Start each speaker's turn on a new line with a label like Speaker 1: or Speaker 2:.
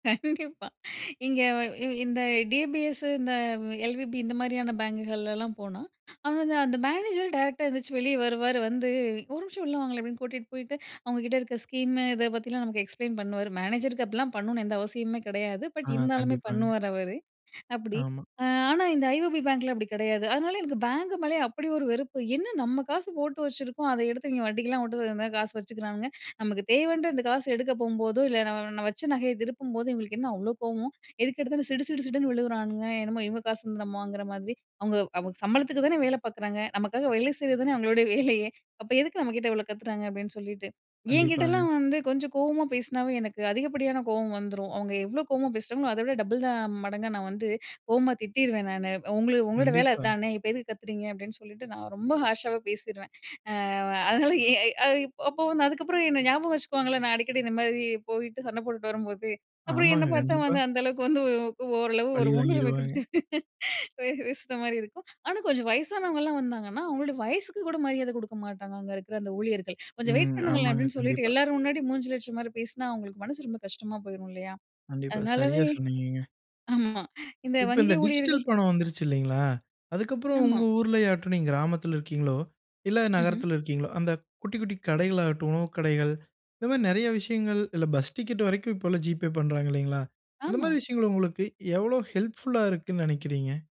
Speaker 1: கண்டிப்பா! இங்க இ இந்த டி பி எஸ் இந்த எல்.வி.பி இந்த மாதிரியான பேங்குகள்லாம் போனா, அவங்க வந்து அந்த மேனேஜர் டைரக்ட்டா எந்திரிச்சு வெளியே வருவாரு, வந்து, "ஒரு நிமிஷம் உள்ள வாங்களேன்" அப்படின்னு கூட்டிட்டு போயிட்டு, அவங்க கிட்ட இருக்க ஸ்கீம் இத பத்திலாம் நமக்கு எக்ஸ்ப்ளைன் பண்ணுவாரு. மேனேஜருக்கு அப்படிலாம் பண்ணணும்னு எந்த அவசியமுமே கெடையாது. பட்,
Speaker 2: அ,
Speaker 1: இருந்தாலுமே
Speaker 2: கண்டிப்பாங்க.
Speaker 1: பண்ணுவாரு அவரு. அப்படி,
Speaker 2: ஆமா.
Speaker 1: அ, ஆனா இந்த ஐ.ஓ.பி பேங்க்ல அப்படி கெடையாது. அதனால எனக்கு பேங்க் மேலயே அப்படி ஒரு வெறுப்பு! "என்ன நம்ம காசு போட்டு வச்சுருக்கோம், அத எடுத்து இவங்க வட்டிக்கெல்லாம் வுட்டு, இந்த காசு வச்சுக்கிறானுங்க, நமக்கு தேவைன்ற இந்த காசு எடுக்க போம்போதோ, இல்ல, ந நம்ம வச்ச நகைய திருப்பும்போது, இவங்களுக்கு என்ன அவ்ளோ கோவம்! எதுக்கெடுத்தாலும், சிடு சிடு சிடுன்னு விழுகிறானுங்க, என்னமோ இவங்க காசு வந்து நம்ம வாங்குற மாதிரி, அவங்க அவங்க சம்பளத்துக்கு தான வேலை பார்க்குறாங்க? நமக்காக வேலை செய்றது தானே அவங்களுடைய வேலையே, அப்ப எதுக்கு நம்ம கிட்ட இவ்ளோ கத்துறாங்க?" அப்படின்னு சொல்லிட்டு
Speaker 2: கண்டிப்பாங்க.
Speaker 1: என்கிட்டலாம் வந்து கொஞ்சம் கோவமா பேசினாவே எனக்கு அதிகப்படியான கோவம் வந்துரும், அவங்க எவ்வளோ கோவமா பேசுறாங்களோ, அதவிட டபுள் த, மடங்கா நான் வந்து, கோவமா திட்டிருவேன் நானு, "உங்கள உங்களோட வேல
Speaker 2: கண்டிப்பா.
Speaker 1: அதானே! இப்ப எதுக்கு கத்துறீங்க!" அப்படின்னு சொல்லிட்டு, நான் ரொம்ப ஹார்ஷாவே பேசிருவேன்! அ அதனால எ இ அப்போ வந்து அதுக்கப்புறம் என்ன ஞாபகம் வச்சுக்குவாங்கல்ல நான் அடிக்கடி இந்த மாதிரி, போயிட்டு சண்ட போட்டுட்டு வரும்போது, அப்புறம் என்ன
Speaker 2: ஆமாங்க,
Speaker 1: பார்த்தா
Speaker 2: கண்டிப்பா.
Speaker 1: வந்து அந்த அளவுக்கு வந்து க்கு ஓரளவு ஒரு
Speaker 2: பழி
Speaker 1: முன்னுரிமை கொடுத்து
Speaker 2: வாங்கிருவாங்க.
Speaker 1: பே பேசுற மாதிரி இருக்கும். ஆனா கொஞ்சம் வயசானவங்கலாம் வந்தாங்கன்னா அவங்களோட வயசுக்கு கூட மரியாத கொடுக்க மாட்டாங்க, அங்க இருக்கிற அந்த ஊழியர்கள்! "கொஞ்சம் வெயிட்
Speaker 2: ம்,
Speaker 1: பண்ணுங்களேன்!"
Speaker 2: ஆமாங்க,
Speaker 1: அப்படின்னு சொல்லிட்டு
Speaker 2: கண்டிப்பா.
Speaker 1: எல்லாரும் முன்னாடி மூஞ்சில அடிச்ச மாதிரி பேசினா, அவங்களுக்கு மனசு ரொம்ப கஷ்டமா போயிரும் இல்லையா?
Speaker 2: கண்டிப்பா. சரியா
Speaker 1: அதனாலவே
Speaker 2: சொன்னீங்கங்க!
Speaker 1: ஆமா. இந்த
Speaker 2: இப்ப,
Speaker 1: வங்கி
Speaker 2: இந்த டிஜிட்டல்
Speaker 1: ஊழியர்கள்
Speaker 2: பணம் வந்துருச்சு இல்லைங்களா? அதுக்கப்புறம்
Speaker 1: ஆமா.
Speaker 2: உங்க ஊர்ல ஆகட்டும், நீங்க கிராமத்தில இருக்கீங்ளோ, இல்ல
Speaker 1: ம்ஹ்ம்.
Speaker 2: நகரத்தில இருக்கீங்ளோ, அந்த குட்டி குட்டி கடைகள் ஆகட்டும், உணவு கடைகள்! இந்த மாரி நெறைய விஷயங்கள்! இல்ல பஸ் டிக்கெட் வரைக்கும் இப்பல்லாம் ஜி.பே பண்றாங்க இல்லைங்களா? அந்த
Speaker 1: ஆமா.
Speaker 2: மாரி விஷயங்கள் உங்களுக்கு எவ்ளோ ஹெல்ப்ஃபுல்லா இருக்குன்னு நெனைக்கிறீங்க?